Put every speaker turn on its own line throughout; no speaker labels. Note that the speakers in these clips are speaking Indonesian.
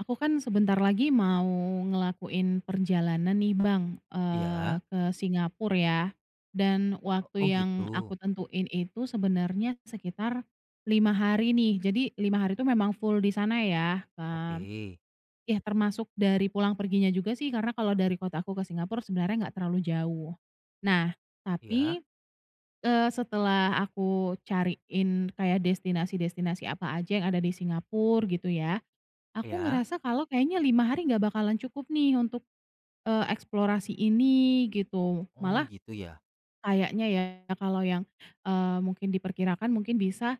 Aku kan sebentar lagi mau ngelakuin perjalanan nih Bang,
Iya.
eee, ke Singapura ya, dan
O oh,
waktu yang
gitu.
aku tentuin itu sebenarnya sekitar 5 hari nih. Jadi 5 hari itu memang full di sana ya, eee
Oke.
ya termasuk dari pulang perginya juga sih karena kalau dari kota aku ke Singapura sebenarnya nggak terlalu jauh. Nah,
Iya.
tapi, eee, setelah aku cariin kayak destinasi-destinasi apa aja yang ada di Singapura gitu ya, aku
Iya.
ngerasa kalau kayaknya 5 hari gak bakalan cukup nih untuk, eee, eksplorasi ini gitu.
Oh,
Malah
gitu ya?
kayaknya ya kalau yang, eee, mungkin diperkirakan mungkin bisa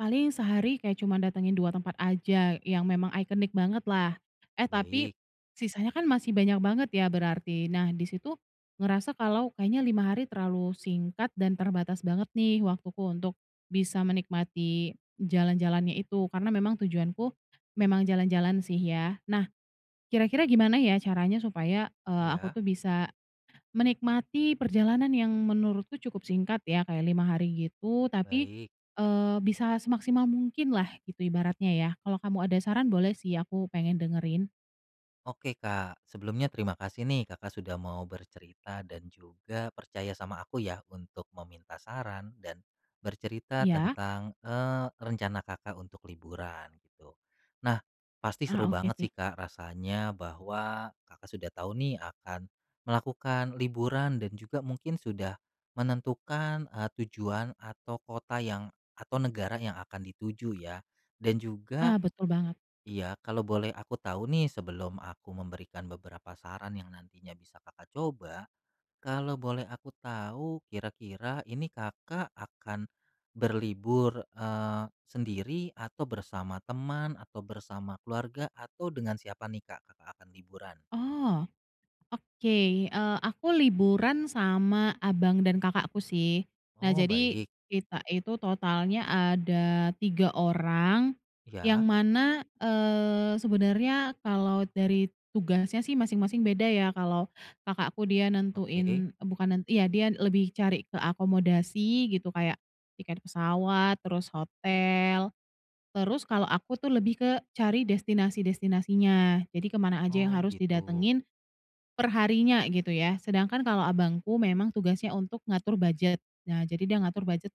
paling sehari kayak cuma datangin 2 tempat aja yang memang iconic bangetlah. Eh, tapi
Baik.
sisanya kan masih banyak banget ya berarti, nah di situ ngerasa kalau kayaknya 5 hari terlalu singkat dan terbatas banget nih waktuku untuk bisa menikmati jalan-jalannya itu karena memang tujuanku memang jalan-jalan sih ya. Nah, kira-kira gimana ya caranya supaya, eee, aku
Iya.
tuh bisa menikmati perjalanan yang menurutku cukup singkat ya kayak 5 hari gitu, tapi,
Baik.
eee, bisa semaksimal mungkinlah gitu ibaratnya ya? Kalau kamu ada saran boleh sih aku pengen dengerin.
Oke Kak, sebelumnya terima kasih nih Kakak sudah mau bercerita dan juga percaya sama aku ya untuk meminta saran dan bercerita
Iya?
tentang, eee, rencana Kakak untuk liburan gitu. Nah, pasti
Ah
seru
oke
banget
sih.
sih Kak rasanya bahwa Kakak sudah tahu nih akan melakukan liburan dan juga mungkin sudah menentukan, eee, tujuan atau kota yang, atau negara yang akan dituju ya. Dan
Ah
juga
betul banget.
iya, kalau boleh aku tahu nih sebelum aku memberikan beberapa saran yang nantinya bisa Kakak coba, kalau boleh aku tahu kira-kira ini Kakak akan berlibur, eee, sendiri atau bersama teman atau bersama keluarga atau dengan siapa nih Kak, Kakak akan liburan?
Oh. Oke, eee, aku liburan sama abang dan kakakku sih. Nah
Oh,
jadi
baik.
kita itu totalnya ada 3 orang yang
Ya.
mana, eee, sebenernya kalau dari tugasnya sih masing-masing beda ya, kalau kakakku dia
Oke.
nentuin, eee, bukan nent iya dia lebih cari ke akomodasi gitu, kayak tiket pesawat, terus hotel. Terus kalau aku tuh lebih ke cari destinasi-destinasinya jadi ke mana aja yang
Oh,
harus
gitu.
didatengin per harinya gitu ya, sedangkan kalau abangku memang tugasnya untuk ngatur budget. Nah, jadi dia ngatur budget,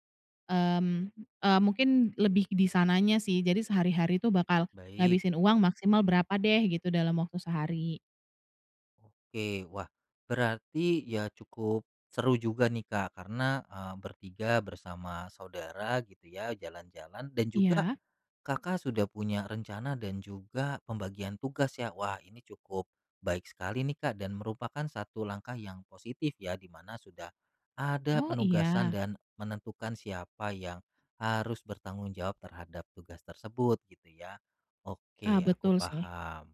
mmm, eee, mungkin lebih di sananya sih, jadi sehari hari tuh bakal
Baik.
ngabisin uang maksimal berapa deh gitu dalam waktu sehari.
Oke, wah, berarti ya cukup seru juga nih Kak karena, eee, ber-3 bersama saudara gitu ya, jalan-jalan dan juga
Iya.
Kakak sudah punya rencana dan juga pembagian tugas ya. Wah, ini cukup baik sekali nih Kak dan merupakan satu langkah yang positif ya di mana sudah ada
Oh,
penugasan
iya.
dan menentukan siapa yang harus bertanggung jawab terhadap tugas tersebut, gitu ya.
Ah,
Oke, aku
betul sih.
paham.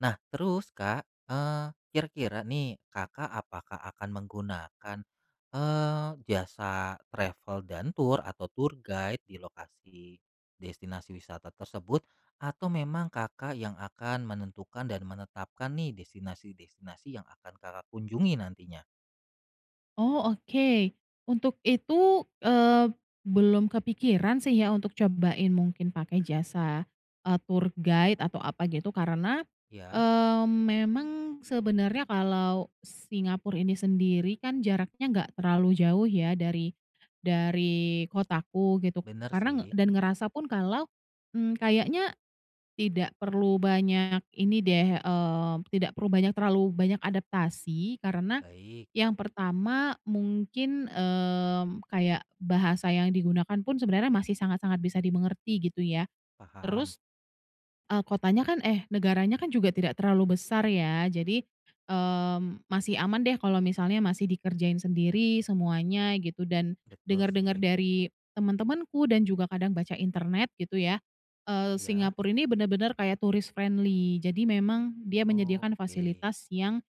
Nah, terus Kak, eee, kira-kira nih, Kakak apakah akan menggunakan, eee, jasa travel dan tour atau tour guide di lokasi destinasi wisata tersebut atau memang Kakak yang akan menentukan dan menetapkan nih, destinasi-destinasi yang akan Kakak kunjungi nantinya?
Oh, oke. Untuk itu, eee, belum kepikiran sih ya untuk cobain mungkin pakai jasa, eee, tour guide atau apa gitu karena,
Iya.
eee, memang sebenarnya kalau Singapura ini sendiri kan jaraknya nggak terlalu jauh ya dari dari kotaku gitu
Bener
karena
sih.
dan ngerasa pun kalau, mmm, kayaknya tidak perlu banyak ini deh, eee, tidak perlu banyak terlalu banyak adaptasi karena
Baik.
yang pertama mungkin, eee, kayak bahasa yang digunakan pun sebenarnya masih sangat sangat bisa dimengerti gitu ya.
Paham.
Terus, eee, kotanya kan eh negaranya kan juga tidak terlalu besar ya jadi, eee, masih aman deh kalau misalnya masih dikerjain sendiri semuanya gitu, dan
Betul
denger-denger
sih.
dari teman-temanku dan juga kadang baca internet gitu ya, eee,
Iya.
Singapura ini bener-bener kayak tourist friendly, jadi memang dia
Oh,
menyediakan
oke.
fasilitas yang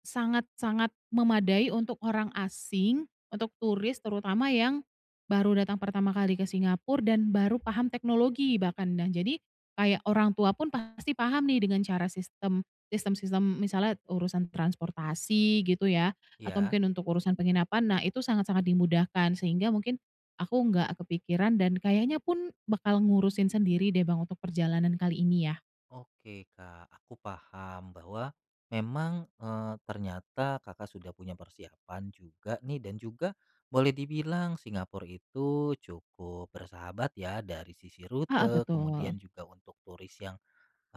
sangat-sangat memadai untuk orang asing, untuk turis terutama yang baru datang pertama kali ke Singapura dan baru paham teknologi bahkan. Nah, jadi kayak orang tua pun pasti paham nih dengan cara sistem sistem-sistem, misalnya urusan transportasi gitu ya, atau
Iya.
mungkin untuk urusan penginapan, nah itu sangat-sangat dimudahkan, sehingga mungkin aku nggak kepikiran dan kayaknya pun bakal ngurusin sendiri deh, Bang untuk perjalanan kali ini ya.
Oke, Kak, aku paham bahwa memang, eee, ternyata Kakak sudah punya persiapan juga nih, dan juga boleh dibilang Singapura itu cukup bersahabat ya dari sisi
Heeh,
rute, kemudian
betul.
juga untuk turis yang,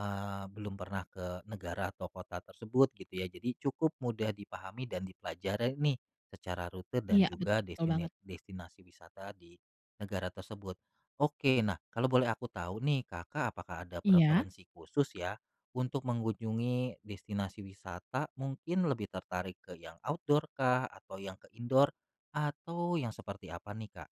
eee, belum pernah ke negara atau kota tersebut, gitu ya. Jadi cukup mudah dipahami dan dipelajari nih secara rute dan
Iya,
juga
betul
destine
banget.
destinasi wisata di negara tersebut. Oke, nah, kalau boleh aku tahu nih, Kakak apakah ada
Iya.
preferensi khusus ya untuk mengunjungi destinasi wisata? Mungkin lebih tertarik ke yang outdoor kah, atau yang ke indoor, atau yang seperti apa nih, Kak?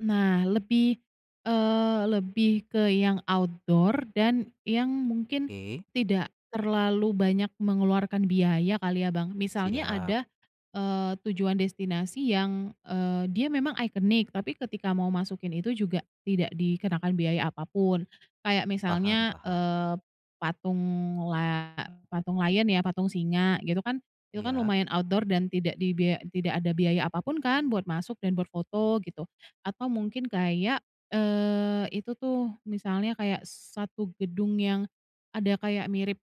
Nah lebih, eee, lebih ke yang outdoor dan yang mungkin
Oke.
tidak terlalu banyak mengeluarkan biaya kali ya, Bang. Misalnya
Siap.
ada, eee, tujuan destinasi yang, eee, dia memang iconic tapi ketika mau masukin itu juga tidak dikenakan biaya apa pun. Kayak
Paham
misalnya,
paham.
eee, patung la patung lion ya, patung singa gitu kan, itu kan
Iya.
lumayan outdoor dan tidak dibiaya tidak ada biaya apa pun kan buat masuk dan buat foto gitu. Atau mungkin kayak, eee, itu tuh, misalnya kayak satu gedung yang ada kayak mirip,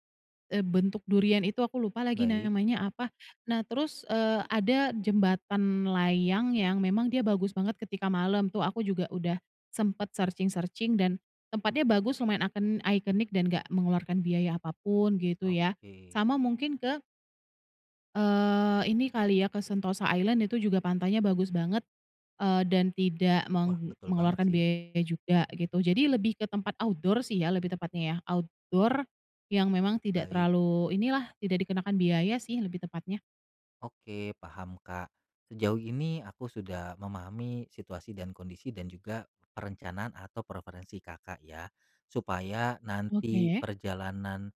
eee, bentuk durian itu, aku lupa lagi
Baik.
namanya apa. Nah, terus, eee, ada jembatan layang yang memang dia bagus banget ketika malam tuh, aku juga udah sempet searching-searching dan tempatnya bagus lumayan icon iconic dan nggak mengeluarkan biaya apa pun gitu ya,
Oke.
sama mungkin ke eee, ini kali ya ke Sentosa Island itu juga pantainya bagus banget, eee, dan tidak
Wah,
meng
betul banget
mengeluarkan
sih.
biaya juga gitu. Jadi lebih ke tempat outdoor sih ya lebih tepatnya ya, outdoor yang memang tidak
Baik.
terlalu inilah, tidak dikenakan biaya sih lebih tepatnya.
Oke, paham, Kak. Sejauh ini aku sudah memahami situasi dan kondisi dan juga perencanaan atau preferensi Kakak ya, supaya nanti
Oke.
perjalanan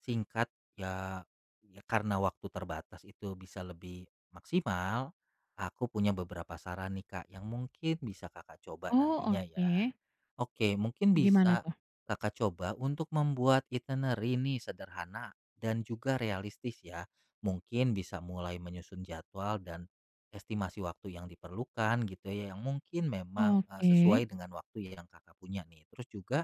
singkat ya, ya karena waktu terbatas itu bisa lebih maksimal, aku punya beberapa saran nih, Kak, yang mungkin bisa Kakak coba
Oh,
nantinya ya.
oke.
Oke, mungkin
Gimana
bisa
tuh?
Kakak coba untuk membuat itinerary nih, sederhana dan juga realistis ya. Mungkin bisa mulai menyusun jadwal dan estimasi waktu yang diperlukan gitu ya, yang mungkin memang, eee, sesuai
Oke.
dengan waktu yang Kakak punya nih. Terus juga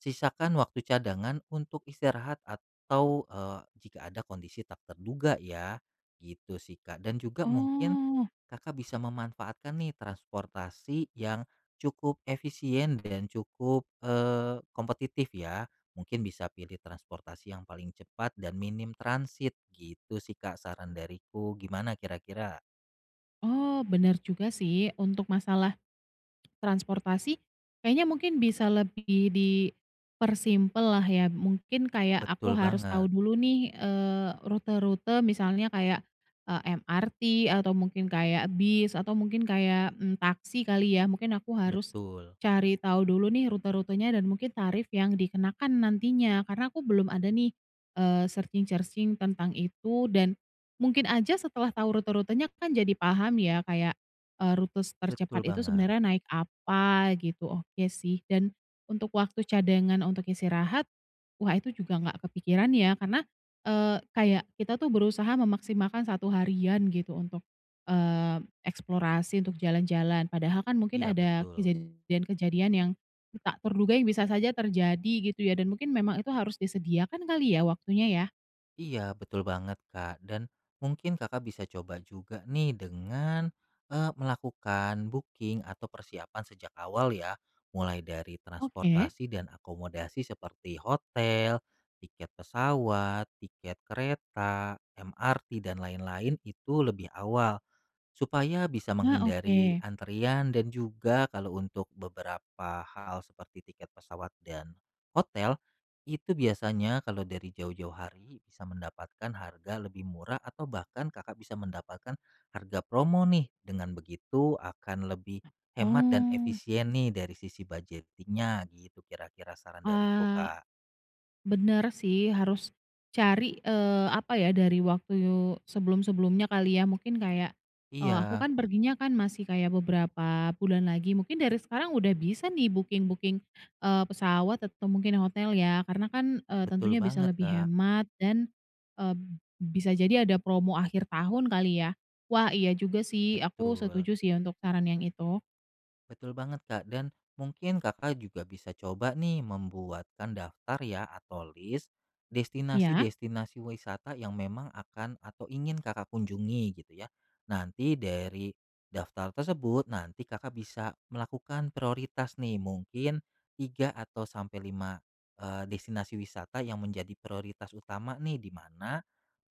sisakan waktu cadangan untuk istirahat atau, eee, jika ada kondisi tak terduga ya, gitu sih, Kak. Dan juga mungkin
Oh.
Kakak bisa memanfaatkan nih, transportasi yang cukup efisien dan cukup, eee, kompetitif ya. Mungkin bisa pilih transportasi yang paling cepat dan minim transit, gitu sih, Kak saran dariku, gimana kira-kira?
Oh bener juga sih untuk masalah transportasi kayaknya mungkin bisa lebih dipersimpel lah ya, mungkin kayak aku
Betul
harus
banget.
tahu dulu nih, eee, rute-rute misalnya kayak, eee, MRT, atau mungkin kayak bis, atau mungkin kayak, mmm, taksi kali ya, mungkin aku harus
Betul.
cari tau dulu nih rute-rutenya, dan mungkin tarif yang dikenakan nantinya karena aku belum ada nih, eee, searching-searching tentang itu dan mungkin aja setelah tahu rute-rutenya kan jadi paham ya kayak, eee, rute s tercepat
Betul
itu
banget.
sebenarnya naik apa gitu, oke sih dan untuk waktu cadangan untuk istirahat, wah itu juga nggak kepikiran ya karena, eee, kayak kita tuh berusaha memaksimalkan 1 harian gitu untuk, eee, eksplorasi, untuk jalan-jalan padahal kan mungkin
Iya,
ada
betul.
kejadian-kejadian yang tak terduga yang bisa saja terjadi gitu ya, dan mungkin memang itu harus disediakan kali ya, waktunya ya.
Iya, betul banget Kak dan mungkin Kakak bisa coba juga nih dengan, eee, melakukan booking atau persiapan sejak awal ya, mulai dari
Oke.
transportasi dan akomodasi seperti hotel, tiket pesawat, tiket kereta, MRT, dan lain-lain, itu lebih awal, supaya bisa
Nah,
menghindari
oke.
antrian dan juga kalau untuk beberapa hal seperti tiket pesawat dan hotel, itu biasanya kalau dari jauh-jauh hari bisa mendapatkan harga lebih murah atau bahkan Kakak bisa mendapatkan harga promo nih, dengan begitu akan lebih hemat dan
Oh.
efisien nih dari sisi budgeting-nya, gitu kira-kira saran dariku,
Ah.
Kak.
Bener sih harus cari, eee, apa ya, dari waktu sebelum-sebelumnya kali ya, mungkin kayak, eee, aku
Iya.
kan perginya kan masih kayak beberapa bulan lagi, mungkin dari sekarang udah bisa nih booking-booking, eee, pesawat atau mungkin hotel ya, karena kan, eee,
Betul
tentunya bisa
banget,
lebih
Kak.
hemat dan, eee, bisa jadi ada promo akhir tahun kali ya? Wah, iya juga sih aku
Betul.
setuju sih ya untuk saran yang itu.
Betul banget, Kak. Dan mungkin Kakak juga bisa coba nih membuatkan daftar ya atau lis
Iya.
destinasi-destinasi wisata yang memang akan atau ingin Kakak kunjungi, gitu ya. Nanti dari daftar tersebut, nanti Kakak bisa melakukan prioritas nih, mungkin 3 atau sampai 5, eee, destinasi wisata yang menjadi prioritas utama nih, di mana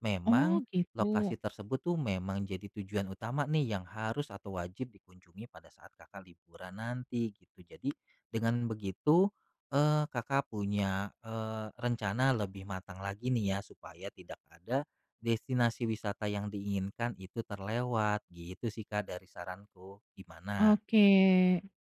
memang
Oh,
lokasi
gitu.
tersebut tuh, memang jadi tujuan utama nih yang harus atau wajib dikunjungi pada saat Kakak liburan nanti gitu. Jadi dengan begitu, eee, Kakak punya, eee, rencana lebih matang lagi nih ya, supaya tidak ada destinasi wisata yang diinginkan itu terlewat. Gitu sih Kak dari saranku, gimana?
Oke,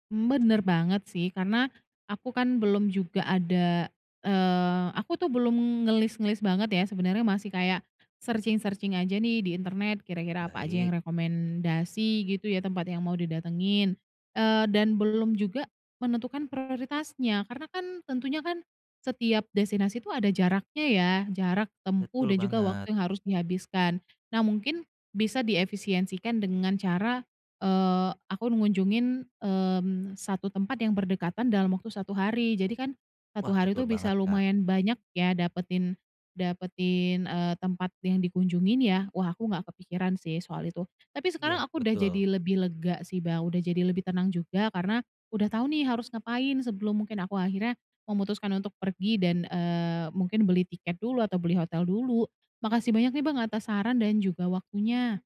bener banget sih karena aku kan belum juga ada, eee, aku tuh belum ngelis-ngelis banget ya, sebenarnya masih kayak searching-searching aja nih di internet, kira-kira apa aja
Baik.
yang rekomendasi gitu ya, tempat yang mau didatengin, eee, dan belum juga menentukan prioritasnya, karena kan tentunya kan setiap destinasi tuh ada jaraknya ya, jarak
Betul
tempuh dan juga
banget.
waktu yang harus dihabiskan. Nah mungkin bisa diefisiensikan dengan cara, eee, aku ngunjungin, mmm, satu tempat yang berdekatan dalam waktu 1 hari. Jadi kan, 1
Wah,
hari
betul
tuh
banget,
bisa
Kak.
lumayan banyak ya dapetin dapetin, eee, tempat yang dikunjungin ya. Wah, aku gak kepikiran sih soal itu. Tapi sekarang
Iya,
aku udah
betul.
jadi lebih lega sih Bang, udah jadi lebih tenang juga karena udah tau nih harus ngapain sebelum mungkin aku akhirnya memutuskan untuk pergi dan, eee, mungkin beli tiket dulu atau beli hotel dulu. Makasih banyak nih Bang atas saran dan juga waktunya.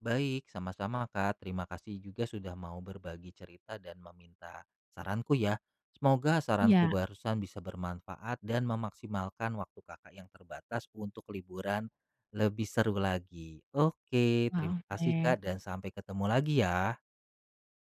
Baik, sama-sama, Kak. Terima kasih juga sudah mau berbagi cerita dan meminta saranku ya. Semoga saranku
Iya.
barusan bisa bermanfaat dan memaksimalkan waktu Kakak yang terbatas untuk liburan lebih seru lagi. Oke, terima
Ah,
kasih Kak
oke.
dan sampai ketemu lagi ya.